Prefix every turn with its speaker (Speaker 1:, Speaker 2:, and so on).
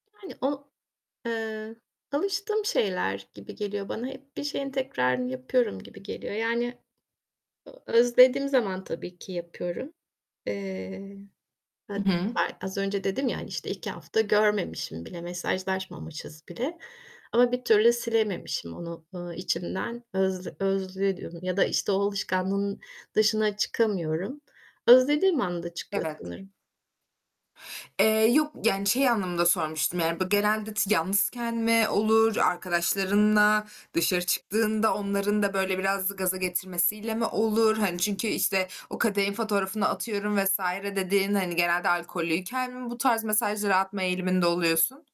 Speaker 1: Yani o, eee, alıştığım şeyler gibi geliyor bana. Hep bir şeyin tekrarını yapıyorum gibi geliyor. Yani, eee, özlediğim zaman tabii ki yapıyorum. Eee,
Speaker 2: Hı
Speaker 1: h
Speaker 2: hı.
Speaker 1: b az önce dedim ya, hani işte, iki hafta görmemişim bile, mesajlaşmamışız bile. Ama bir türlü silememişim onu, eee, içimden öz özlüyorum ya da işte o alışkanlığın dışına çıkamıyorum. Özlediğim anda çıkıyor
Speaker 2: Evet.
Speaker 1: sanırım.
Speaker 2: Eee, yok yani şey anlamında sormuştum yani b genelde t yalnızken mi olur, arkadaşlarınla dışarı çıktığında onların da, böyle biraz gaza getirmesiyle mi olur? Hani, çünkü işte, o kadehin fotoğrafını atıyorum vs. dediğin, hani, genelde alkollüyken mi bu tarz mesajlar atma eğiliminde oluyorsun?